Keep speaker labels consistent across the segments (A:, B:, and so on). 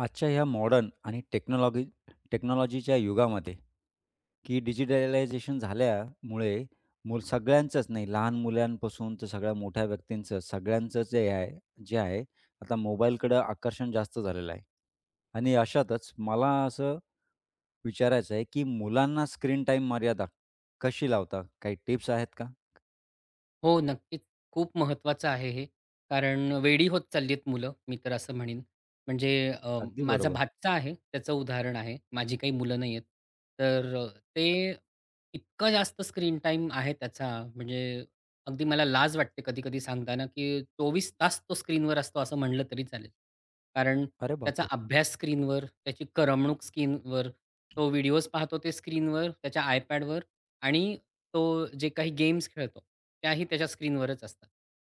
A: आजच्या ह्या मॉडर्न आणि टेक्नॉलॉगी टेक्नॉलॉजीच्या युगामध्ये, की डिजिटलायझेशन झाल्यामुळे मुलं सगळ्यांचंच नाही लहान मुलांपासून तर सगळ्या मोठ्या व्यक्तींचं सगळ्यांचं जे आहे जे आहे, आता मोबाईलकडं आकर्षण जास्त झालेलं आहे आणि अशातच मला असं विचारायचं आहे, की मुलांना स्क्रीन टाईम मर्यादा कशी लावता काही टिप्स आहेत का?
B: हो, नक्कीच. खूप महत्त्वाचं आहे हे कारण वेडी होत चाललीहेत मुलं मी तर असं म्हणीन. म्हणजे अ,
A: अगदी
B: माझा
A: बरोबर.
B: भाचा आहे त्याचं उदाहरण आहे. माझी काही मुलं नाहीहेत, तर अ, ते इतकं जास्त स्क्रीन टाईम आहे त्याचा म्हणजे अगदी मला लाज वाटते कधी-कधी सांगताना, की 24 तास तो स्क्रीनवर असतो असं म्हटलं तरी चालेल. कारण
A: अरे
B: त्याचा
A: बापरे!
B: अभ्यास स्क्रीनवर, त्याची करमणूक स्क्रीनवर, तो व्हिडिओज पाहतो ते स्क्रीनवर, त्याच्या आयपॅडवर आणि तो जे काही गेम्स खेळतो त्याही त्याच्या स्क्रीनवरच असतात.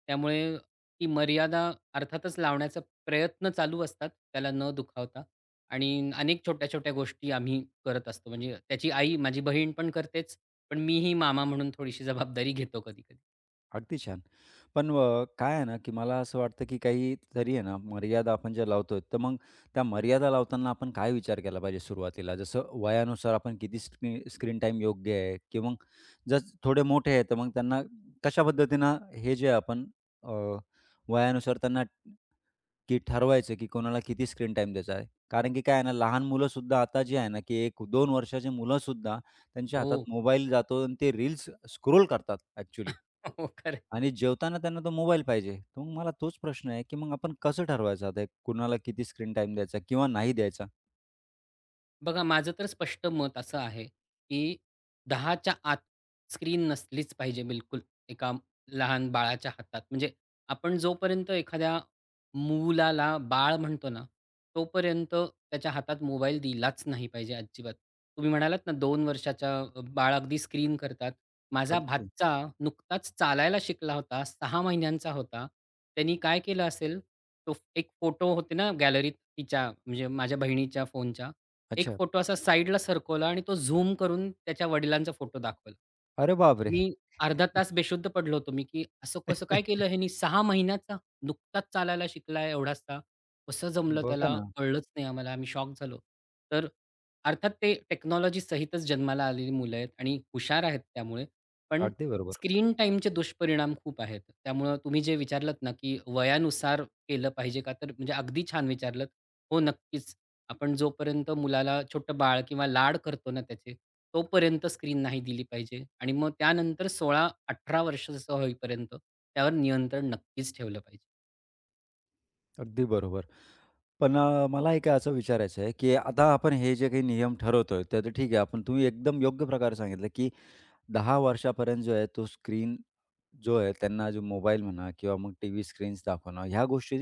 B: त्यामुळे ती मर्यादा अर्थातच लावण्याचा प्रयत्न चालू असतात त्याला न दुखावता आणि अनेक छोट्या-छोट्या गोष्टी आम्ही करत असतो. म्हणजे त्याची आई माझी बहीण पण करतेच. पण मीही मामा म्हणून थोडीशी जबाबदारी घेतो कधी-कधी.
A: अगदी छान, पण व काय आहे ना, की मला असं वाटतं, की काहीतरी आहे ना मर्यादा आपण ज्या लावतोय, तर मग त्या मर्यादा लावताना आपण काय विचार केला पाहिजे सुरुवातीला, जसं वयानुसार आपण किती स्किन स्क्रीन टाईम योग्य आहे, की मग जर थोडे मोठे आहेत, तर मग त्यांना कशा पद्धतीनं हे जे आपण अ, वयानुसार त्यांना, की ठरवायचं की कोणाला किती स्क्रीन टाईम द्यायचा आहे. कारण की काय आहे ना लहान मुलंसुद्धा आता जी आहे ना, की 1-2 वर्षाची मुलंसुद्धा त्यांच्या हातात
B: हो.
A: मोबाईल जातो आणि ते रील्स स्क्रोल करतात ॲक्चुअली.
B: हो, खरं आहे.
A: आणि जेवताना त्यांना तो मोबाईल पाहिजे. तर मग मला तोच प्रश्न आहे, की मग आपण कसं ठरवायचं ते कुणाला किती स्क्रीन टाईम द्यायचा किंवा नाही द्यायचा?
B: बघा माझं तर स्पष्ट मत असं आहे, की 10 च्या आत स्क्रीन नसलीच पाहिजे बिलकुल एका लहान बाळाच्या हातात म्हणजे आपण जोपर्यंत एखाद्या मुलाला बाळ म्हणतो ना, तोपर्यंत त्याच्या हातात मोबाईल दिलाच नाही पाहिजे अजिबात. तुम्ही म्हणालात ना, 2 वर्षाच्या बाळ अगदी स्क्रीन करतात. माझा
A: अगदी.
B: भाचा नुकताच चालायला शिकला होता, 6 महिन्यांचा होता. त्यानी काय केलं असेल तो एक फोटो होते ना गॅलरीत तिच्या म्हणजे माझ्या बहिणीच्या फोनच्या एक
A: अच्छा.
B: फोटो असा साईडला सरकवला आणि तो झूम करून त्याच्या वडिलांचा फोटो दाखवला.
A: अरे बापरे!
B: मी अर्धा तास बेशुद्ध पडलो होतो, मी की असं कसं काय केलं ह्यानी 6 महिन्याचा नुकताच चालायला शिकला एवढासा. कसं जमलं
A: बघा
B: त्याला
A: ना.
B: कळलंच नाही आम्हाला आम्ही शॉक झालो. तर अर्थात ते टेक्नॉलॉजीसहितच जन्माला आलेली मुलं आहेत आणि हुशार आहेत, त्यामुळे पण
A: अगदी बरोबर.
B: स्क्रीन टाईमचे दुष्परिणाम खूप आहेत. त्यामुळं तुम्ही जे विचारलत ना, की वयानुसार केलं पाहिजे का? तर म्हणजे अगदी छान विचारलत. हो, नक्कीच. आपण जोपर्यंत मुलाला छोटं बाळ किंवा लाड करतो ना त्याचे, तोपर्यंत स्क्रीन नाही दिली पाहिजे आणि मग त्यानंतर 16-18 वर्षाचा होईपर्यंत त्यावर नियंत्रण नक्कीच ठेवलं पाहिजे.
A: अगदी बरोबर. पण अ, मला एक असं विचारायचं आहे, की आता आपण हे जे काही नियम ठरवतोय ते तर ठीक आहे. आपण तुम्ही एकदम योग्य प्रकारे सांगितलं, की 10 वर्षापर्यंत जो आहे तो स्क्रीन जो आहे, त्यांना मोबाईल म्हणा किंवा मग टीव्ही स्क्रीन्स दाखवणं, ह्या गोष्टी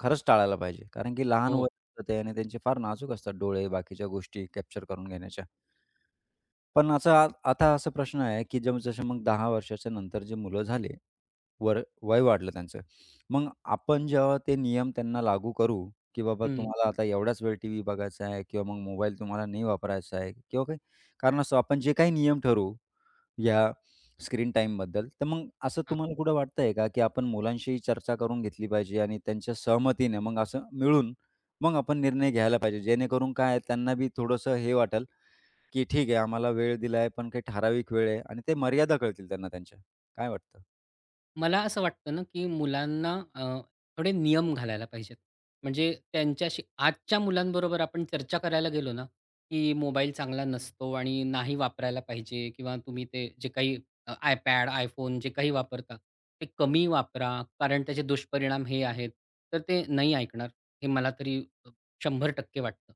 A: खरंच टाळायला पाहिजे. कारण की लहान
B: हो.
A: वय असतं आणि त्यांचे फार नाजूक असतात डोळे बाकीच्या गोष्टी कॅप्चर करून घेण्याच्या. पण असं आता असा प्रश्न आहे, की जम जसं मग 10 वर्षाच्या नंतर जे मुलं झाले वर वय वाढलं त्यांचं, मग आपण जेव्हा ते नियम त्यांना लागू करू, की बाबा
B: हं.
A: तुम्हाला आता एवढाच वेळ टीव्ही बघायचा आहे किंवा मग मोबाईल तुम्हाला नाही वापरायचा आहे. किंवा काही कारण असं आपण जे काही नियम ठरवू या स्क्रीन टाईमबद्दल. तर मग असं
B: हां.
A: तुम्हाला कुठं वाटतंय का, की आपण मुलांशीही चर्चा करून घेतली पाहिजे आणि त्यांच्या सहमतीने मग असं मिळून, मग आपण निर्णय घ्यायला पाहिजे. जेणेकरून काय आहे त्यांना बी थोडंसं हे वाटेल, की ठीक आहे आम्हाला वेळ दिलाय, पण काही ठराविक वेळ आहे आणि ते मर्यादा कळतील त्यांना. त्यांच्या काय वाटतं?
B: मला असं वाटतं ना, की मुलांना अ, थोडे नियम घालायला पाहिजेत. म्हणजे त्यांच्याशी आजच्या मुलांबरोबर आपण चर्चा करायला गेलो ना, की मोबाईल चांगला नसतो आणि नाही वापरायला पाहिजे किंवा तुम्ही ते जे काही अ, iPad, iPhone, जे काही वापरता ते कमी वापरा कारण त्याचे दुष्परिणाम हे आहेत. तर ते नाही ऐकणार, हे मला तरी अ, 100% वाटतं.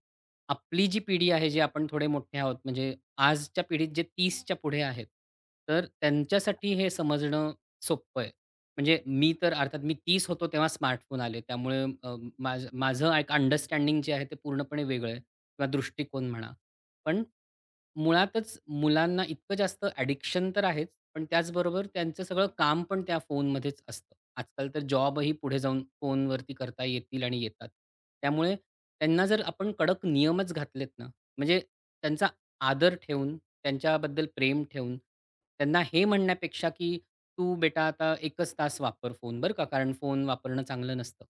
B: आपली जी पिढी आहे जी आपण थोडे मोठे आहोत म्हणजे आजच्या पिढीत जे 30 च्या पुढे आहेत तर त्यांच्यासाठी हे समजणं सोपं आहे. म्हणजे मी तर अर्थात मी 30 होतो तेव्हा स्मार्टफोन आले त्यामुळे अ, माझं माझं एक अंडरस्टँडिंग जे आहे ते पूर्णपणे वेगळं आहे किंवा दृष्टिकोन म्हणा. पण मुळातच मुलांना इतकं जास्त ॲडिक्शन तर आहेच पण त्याचबरोबर त्यांचं सगळं काम पण त्या फोनमध्येच असतं. आजकाल तर जॉबही पुढे जाऊन फोनवरती करता येतील आणि येतात. त्यामुळे त्यांना जर आपण कडक नियमच घातलेत ना म्हणजे त्यांचा आदर ठेवून त्यांच्याबद्दल प्रेम ठेवून त्यांना हे म्हणण्यापेक्षा, की तू बेटा आता 1 च तास वापर फोन बरं का? कारण फोन वापरणं चांगलं नसतं.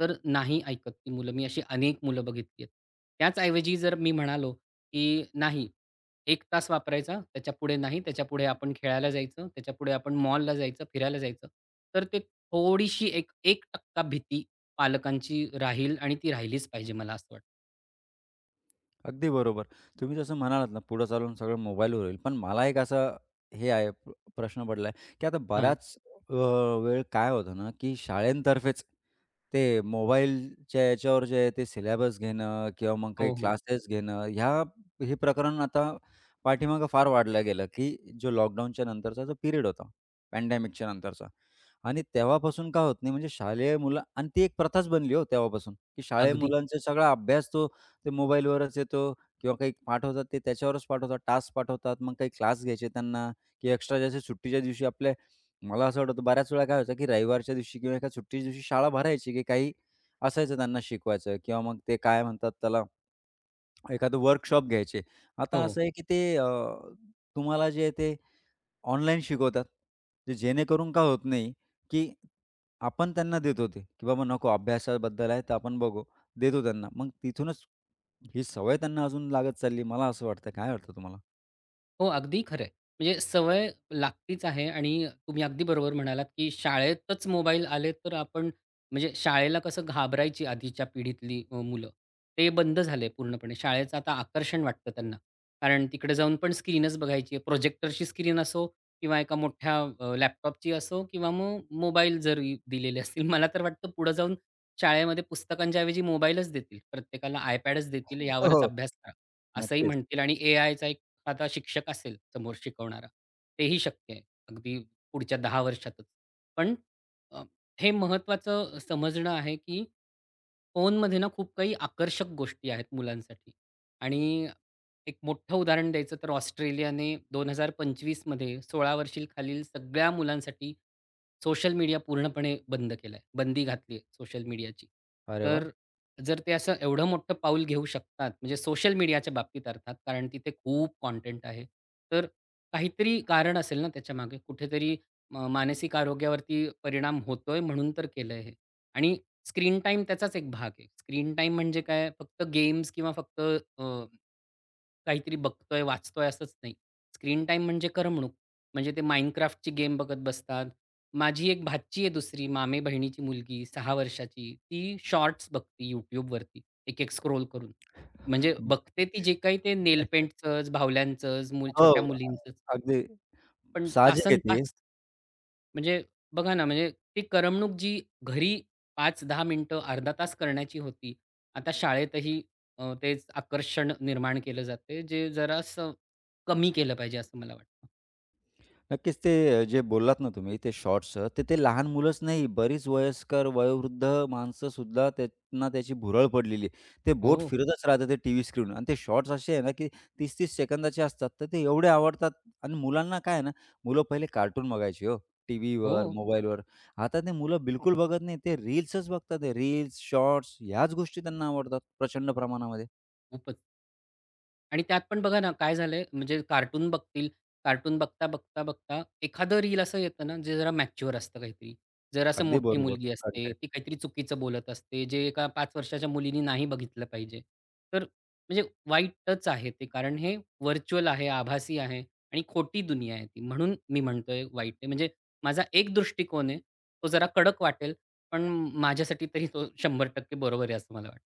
B: तर नाही ऐकतर ती मुलं. मी अशी अनेक मुलं बघितली आहेत. त्याचऐवजी जर मी म्हणालो, की नाही 1 तास वापरायचा त्याच्यापुढे नाही. त्याच्यापुढे आपण खेळायला जायचं. त्याच्यापुढे आपण मॉलला जायचं, फिरायला जायचं. तर ते थोडीशी 1-1% भीती पालकांची राहील आणि ती राहिलीच पाहिजे मला असं वाटतं.
A: अगदी बरोबर, तुम्ही जसं म्हणालात ना, पुढे चालून सगळं मोबाईलवर होईल. पण मला एक असा हे आहे प प्रश्न पडला आहे, की आता
B: हां.
A: बराच अ, वेळ काय होतं ना की शाळेतर्फेच ते मोबाईलच्या याच्यावर जे आहे, ते सिलॅबस घेणं किंवा मग काही
B: हो, हो.
A: क्लासेस घेणं, ह्या हे प्रकरण आता पाठीमागे फार वाढलं गेलं, की जो लॉकडाऊनच्या नंतरचा जो पिरियड होता, पॅन्डेमीकच्या नंतरचा आणि तेव्हापासून का होत नाही, म्हणजे शालेय मुलं आणि ती एक प्रथाच बनली हो तेव्हापासून, की शाळेय
B: अगदी.
A: मुलांचा सगळा अभ्यास तो ते मोबाईलवरच येतो किंवा काही पाठवतात, ते त्याच्यावरच पाठवतात, टास्क पाठवतात. मग काही क्लास घ्यायचे त्यांना, की एक्स्ट्रा जसे सुट्टीच्या दिवशी आपले मला असं वाटतं, बऱ्याच वेळा काय व्हायचं की रविवारच्या दिवशी किंवा एका सुट्टीच्या दिवशी शाळा भरायची, की काही असायचं त्यांना शिकवायचं किंवा मग ते काय म्हणतात त्याला, एखादं वर्कशॉप घ्यायचे. आता
B: हो.
A: असं आहे, की ते अ, तुम्हाला जे आहे ते ऑनलाईन शिकवतात. ते जेणेकरून का होत नाही, की आपण त्यांना देतो, ते की बाबा नको अभ्यासाबद्दल आहे, तर आपण बघू देतो त्यांना. मग तिथूनच ही सवय त्यांना अजून लागत चालली, मला असं वाटतंय काय वाटतं तुम्हाला?
B: हो, अगदी खरं आहे. म्हणजे सवय लागतीच आहे आणि तुम्ही अगदी बरोबर म्हणालात, की शाळेतच मोबाईल आले तर आपण म्हणजे शाळेला कसं घाबरायची आधीच्या पिढीतली अ, मुलं ते बंद झाले पूर्णपणे शाळेचं आता आकर्षण वाटतं त्यांना. कारण तिकडे जाऊन पण स्क्रीनच बघायची आहे. प्रोजेक्टरची स्क्रीन असो किंवा एका मोठ्या अ, लॅपटॉपची असो किंवा मग मोबाईल जरी दिलेले असतील. मला तर वाटतं पुढे जाऊन शाळेमध्ये पुस्तकांच्याऐवजी मोबाईलच देतील. प्रत्येकाला iPadच देतील
A: हो,
B: यावरच
A: हो,
B: अभ्यास करा. असंही
A: नक्कीच.
B: म्हणतील आणि एआयचा एखादा शिक्षक असेल समोर शिकवणारा तेही शक्य आहे. अगदी पुढच्या 10 वर्षातच. पण अ, हे महत्त्वाचं समजणं आहे, की फोनमध्ये ना खूप काही आकर्षक गोष्टी आहेत मुलांसाठी आणि एक मोठं उदाहरण द्यायचं तर ऑस्ट्रेलियाने 2025 मध्ये 16 वर्षांखालील सगळ्या मुलांसाठी सोशल मीडिया पूर्णपणे बंद केलाय. बंदी घातली आहे सोशल मीडियाची.
A: अरे वाह!
B: तर जर ते असं एवढं मोठं पाऊल घेऊ शकतात म्हणजे सोशल मीडियाच्या बाबतीत अर्थात, कारण तिथे खूप कंटेंट आहे. तर काहीतरी कारण असेल ना त्याच्यामागे, कुठेतरी म मानसिक आरोग्यावरती परिणाम होतोय म्हणून तर केलंय हे आणि स्क्रीन टाईम त्याचाच एक भाग आहे. स्क्रीन टाईम म्हणजे काय फक्त गेम्स किंवा फक्त अ, काहीतरी बघतोय, वाचतोय असंच नाही. स्क्रीन टाईम म्हणजे करमणूक म्हणजे ते माइनक्राफ्टची गेम बघत बसतात. माझी एक भाची आहे दुसरी मामेबहिणीची मुलगी 6 वर्षांची, ती शॉर्ट्स बघते YouTubeवरती एक, एक स्क्रॉल करून. म्हणजे बघते ती जे काही ते नेल पेंटचं, बाहुल्यांचंच मूल
A: हो,
B: छोट्या
A: अ
B: मुलींचंच.
A: अगदी,
B: पण
A: साहजिक आहे ते.
B: तासनतास म्हणजे बघा ना म्हणजे ती करमणूक जी घरी 5-10 मिनिटं अर्धा तास करण्याची होती. आता शाळेतही अ, तेच आकर्षण निर्माण केलं जातंय जे जरासं कमी केलं पाहिजे असं मला वाटतं.
A: नक्कीच. ते जे बोललात ना तुम्ही ते शॉट्स अ, तर ते लहान मुलंच नाही बरीच वयस्कर, वयोवृद्ध माणसंसुद्धा त्यांना त्याची भुरळ पडलेली आहे. ते बोट
B: हो.
A: फिरतच राहतात ते टीव्ही स्क्रीनवर आणि ते शॉट्स असे आहे ना की 30-30 सेकंदाचे असतात, तर ते एवढे आवडतात. आणि मुलांना काय आहे ना, मुलं पहिले कार्टून बघायची हो, टीव्हीवर
B: हो.
A: मोबाईलवर आता ते मुलं बिलकुल बघत नाहीत. ते रील्सच बघतात ते रील्स शॉर्ट्स, ह्याच गोष्टी त्यांना आवडतात प्रचंड प्रमाणामध्ये.
B: खूपच. आणि त्यात पण बघा ना, काय झालंय म्हणजे, कार्टून बघतील कार्टून बघता, बघता, बघता, एखादं रील असं येतं ना, जे जरा मॅच्युअर असतं काहीतरी. जरा असं
A: अगदी
B: मोठी
A: बरोबर,
B: मुलगी असते.
A: कंटेंट.
B: ती काहीतरी चुकीचं बोलत असते, जे एका 5 वर्षाच्या मुलीने नाही बघितलं पाहिजे. तर म्हणजे वाईटच आहे ते कारण हे व्हर्चुअल आहे, आभासी आहे आणि खोटी दुनिया आहे ती. म्हणून मी म्हणतोय, वाईट आहे. म्हणजे माझा एक दृष्टिकोन आहे, तो जरा कडक वाटेल. पण माझ्यासाठी तरी तो 100% बरोबर आहे, असं मला वाटतं.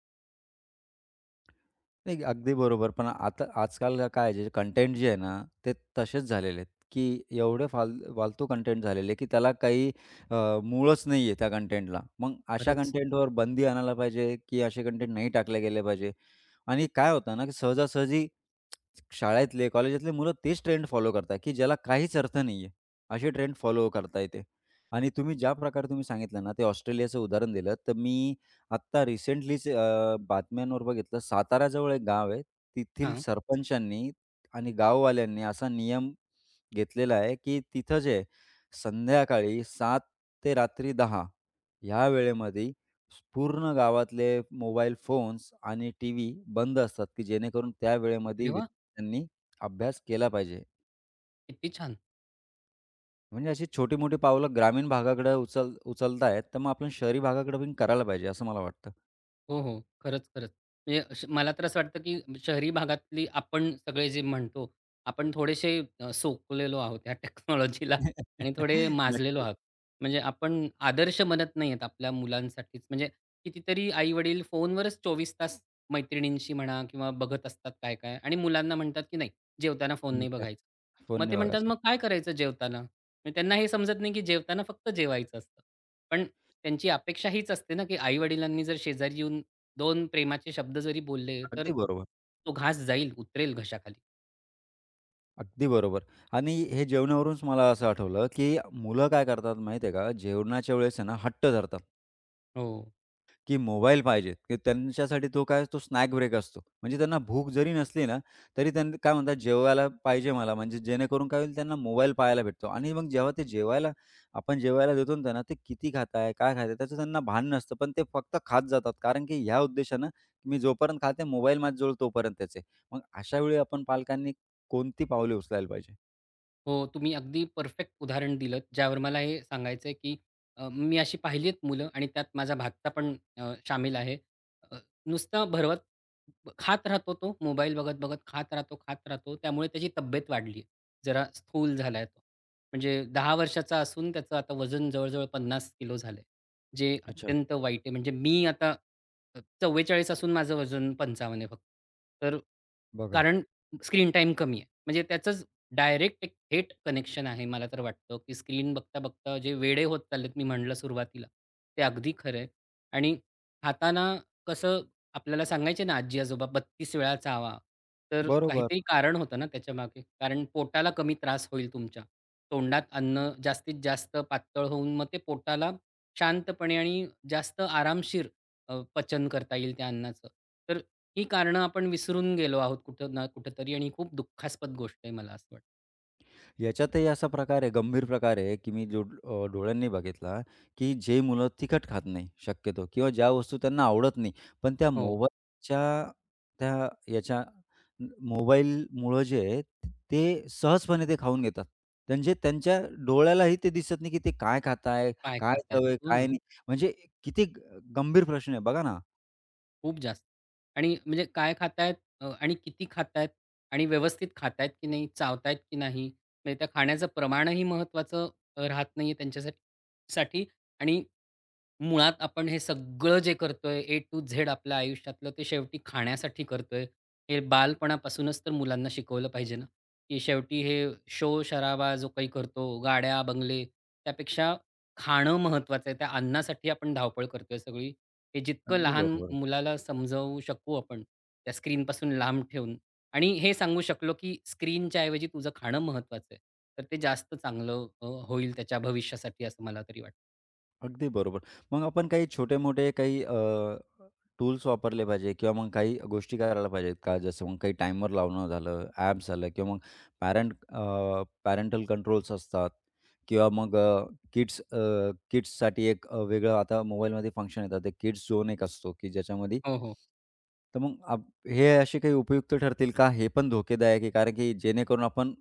A: नाही, अगदी बरोबर. पण आता आजकाल काय आहे, जे कंटेंट जे आहे ना, ते तसेच झालेले आहेत, की एवढे फाल फालतू कंटेंट झालेले आहे, की त्याला काही अ, मूळच नाहीये त्या कंटेंटला. मग अशा
B: खरंच.
A: कंटेंटवर बंदी आणायला पाहिजे, की असे कंटेंट नाही टाकले गेले पाहिजे. आणि काय होतं ना की सहजासहजी शाळेतले, कॉलेजातले मुलं तेच ट्रेंड फॉलो करतात, की ज्याला काहीच अर्थ नाहीये. अशी ट्रेंड फॉलो करताय ते. आणि तुम्ही ज्या प्रकारे तुम्ही सांगितलं ना, ते ऑस्ट्रेलियाचं उदाहरण दिलं, तर मी आत्ता रिसेंटलीच अ, बातम्यांवर बघितलं. साताऱ्याजवळ एक गाव आहे तिथील
B: हां.
A: सरपंचांनी आणि गाववाल्यांनी असा नियम घेतलेला आहे, की तिथं जे संध्याकाळी 7:00 ते रात्री 10:00 या वेळेमध्ये पूर्ण गावातले मोबाईल फोन्स आणि टी. व्ही. बंद असतात, की जेणेकरून त्या वेळेमध्ये
B: अरे वाह!
A: विद्यार्थ्यांनी अभ्यास केला पाहिजे.
B: किती छान.
A: म्हणजे अशी छोटी-मोठी पावलं ग्रामीण भागाकडे उचल उचलतायेत, तर मग आपण शहरी भागाकडे पण करायला पाहिजे, असं मला वाटतं.
B: हो, हो, खरंच, खरंच. म्हणजे अश मला तर असं वाटतं, की शहरी भागातली आपण सगळे जे म्हणतो आपण थोडेसे अ, सोकलेलो आहोत ह्या टेक्नॉलॉजीला आणि थोडे माजलेलो
A: नक्कीच.
B: आहोत. म्हणजे आपण आदर्श बनत नाही आहेत आपल्या मुलांसाठीच. म्हणजे कितीतरी आई-वडील फोनवरच 24 तास मैत्रिणींशी म्हणा किंवा बघत असतात काय-काय आणि मुलांना म्हणतात, की "नाही, जेवताना फोन नाही
A: [unintelligible]
B: बघायचा."
A: फोन
B: मग ते
A: नाही
B: म्हणतात,
A: बघायचा.
B: "मग काय करायचं जेवताना?" त्यांना हे समजत नाही, की जेवताना फक्त जेवायचं असतं. पण त्यांची अपेक्षा हीच असते ना, की आई-वडिलांनी जर शेजारी येऊन दोन प्रेमाचे शब्द जरी बोलले, तर
A: अगदी बरोबर.
B: तो घास जाईल, उतरेल घशाखाली.
A: अगदी बरोबर. आणि हे जेवण्यावरूनच मला असं आठवलं, की मुलं काय करतात, माहिती आहे का जेवणाच्या वेळेस आहे ना, हट्ट धरतात
B: हो.
A: की मोबाईल पाहिजे, की त्यांच्यासाठी तो काय, तो स्नॅक ब्रेक असतो. म्हणजे त्यांना भूक जरी नसली ना, तरी त्यांनी काय म्हणतात जेवायला पाहिजे मला म्हणजे जेणेकरून काय होईल, त्यांना मोबाईल पाहायला भेटतो आणि मग जेव्हा ते जेवायला आपण जेवायला देतो ना, त्यांना ते किती खाताय? काय खाताय आहे? त्याचं त्यांना भान नसतं. पण ते फक्त खात जातात कारण, की ह्या उद्देशानं मी जोपर्यंत खात आहे मोबाईल माझ्याजवळ तोपर्यंतच आहे. मग अशावेळी आपण पालकांनी कोणती पावले उचलायला पाहिजे?
B: हो, तुम्ही अगदी परफेक्ट उदाहरण दिलतं, ज्यावर मला हे सांगायचंय, की अ, मी अशी पहिली आहेत मुलं आणि त्यात माझा भाचा पण अ, शामिल आहे. अ, नुसतं भरवत खात राहतो तो, मोबाईल बघत-बघत खात राहतो, खात राहतो. त्यामुळे त्याची तब्येत वाढलीय. जरा स्थूल झालाय तो. म्हणजे 10 वर्षाचा असून त्याचं आता वजन जवळ-जवळ 50 किलो झालंय, जे
A: अच्छा.
B: अत्यंत वाईट आहे. म्हणजे मी आता अ, 44 असून माझं वजन 55 आहे फक्त. तर
A: बघा.
B: कारण स्क्रीन टाईम कमी आहे. म्हणजे त्याचंच डायरेक्ट, एक थेट कनेक्शन आहे. मला तर वाटतं, की स्क्रीन बघता-बघता जे वेडे होत चाललेत, मी म्हटलं सुरुवातीला ते अगदी खरं आहे. आणि खाताना कसं, आपल्याला सांगायचे ना, आजी-आजोबा 32 वेळा चावा, तर
A: बरोबर.
B: काहीतरी कारण होतं ना त्याच्यामागे. कारण पोटाला कमी त्रास होईल तुमच्या, तोंडात अन्न जास्तीत जास्त पातळ होऊन मग ते पोटाला शांतपणे आणि जास्त आरामशीर अ, पचन करता येईल त्या अन्नाचं. तर ही कारणं आपण विसरून गेलो आहोत, कुठं ना कुठेतरी आणि ही खूप दुःखास्पद गोष्ट आहे, मला असं वाटतं.
A: याच्यातही असा प्रकार आहे गंभीर प्रकार आहे, की मी जो अ, डोळ्यांनी बघितला, की जे मुलं तिखट खात नाही शक्यतो किंवा ज्या वस्तू त्यांना आवडत नाही, पण त्या
B: हो.
A: मोबाईलच्या त्या याच्या मोबाईलमुळं जे आहे, ते सहजपणे ते खाऊन घेतात. त्यांचे त्यांच्या डोळ्यालाही ते दिसत नाही, की ते काय खाताय,
B: काय
A: काय
B: खात आहेत.
A: हवंय,
B: हो
A: काय
B: ना.
A: नाही. म्हणजे किती गंभीर प्रश्न आहे, बघा ना.
B: खूप जास्त आणि म्हणजे काय खातायेत अ, आणि किती खातायेत आणि व्यवस्थित खातायत की नाही? चावतायत की नाही? म्हणजे त्या खाण्याचं प्रमाणही महत्वाचं अ, राहत नाहीये त्यांच्यासाठ साठी. आणि मुळात आपण हे सगळं जे करतोय, ए टु झेड आपल्या आयुष्यातलं ते शेवटी खाण्यासाठी करतोय. हे बालपणापासूनच तर मुलांना शिकवलं पाहिजे ना, की शेवटी हे शोर-शराबा, जो काही करतो गाड्या, बंगले, त्यापेक्षा खाणं महत्वाचं आहे त्या अन्नासाठी आपण धावपळ करतोय सगळी. हे जितकं
A: अगदी
B: लहान
A: बरोबर आहे.
B: मुलाला समजावू शकू आपण, त्या स्क्रीनपासून लांब ठेवून आणि हे सांगू शकलो, की "स्क्रीनच्या ऐवजी तुझं खाणं महत्त्वाचं आहे," तर ते जास्त चांगलं अ, होईल त्याच्या भविष्यासाठी असं मला तरी वाटतं.
A: अगदी बरोबर. मग आपण काही छोटे-मोठे काही अ, टूल्स वापरले पाहिजे किंवा मग काही गोष्टी करायला पाहिजेत का? जसं मग काही टाईमर लावणं झालं, ॲप्स झालं किंवा मग पॅरेंट अ, पॅरेंटल कंट्रोल्स असतात किंवा मग अ, किड्स अ, किड्साठी एक अ, वेगळं आता मोबाईलमध्ये फंक्शन येतात, ते किड्स झोन एक असतो की ज्याच्यामध्ये
B: हो, हो.
A: तर मग अ, हे असे काही उपयुक्त ठरतील का? हे पण धोकेदायक आहे, कारण की जेणेकरून आपण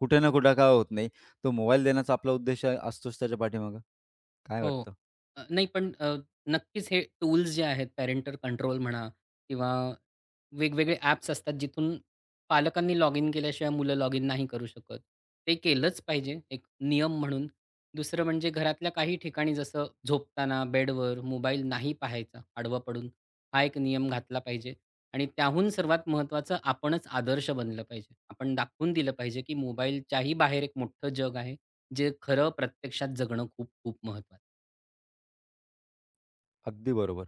A: कुठे ना कुठे काय होत नाही तो मोबाईल देण्याचा आपला उद्देश असतोच त्याच्या पाठीमागे काय
B: हो,
A: वाटतं?
B: अ, नाही पण अ, नक्कीच हे टूल्स जे आहेत, पॅरेंटल कंट्रोल म्हणा किंवा वेगवेगळे ॲप्स असतात जिथून पालकांनी लॉगिन केल्याशिवाय मुलं लॉगिन नाही करू शकत ते केलंच पाहिजे, एक नियम म्हणून. दुसरं म्हणजे घरातल्या काही ठिकाणी जसं झोपताना बेडवर मोबाईल नाही पाहायचा, आडवं पडून, हा एक नियम घातला पाहिजे. आणि त्याहून सर्वात महत्त्वाचं आपणच आदर्श बनलं पाहिजे. आपण दाखवून दिलं पाहिजे, की मोबाईलच्याही बाहेर एक मोठं जग आहे, जे खरं प्रत्यक्षात जगणं खूप-खूप महत्वाचं
A: अगदी बरोबर.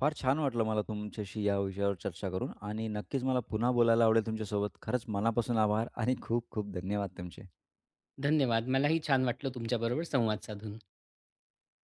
A: फार छान वाटलं मला तुमच्याशी या विषयावर चर्चा करून आणि नक्कीच मला पुन्हा बोलायला आवडेल तुमच्यासोबत. खरंच मनापासून आभार आणि खूप खूप धन्यवाद तुमचे.
B: धन्यवाद. मलाही छान वाटलं तुमच्याबरोबर संवाद साधून.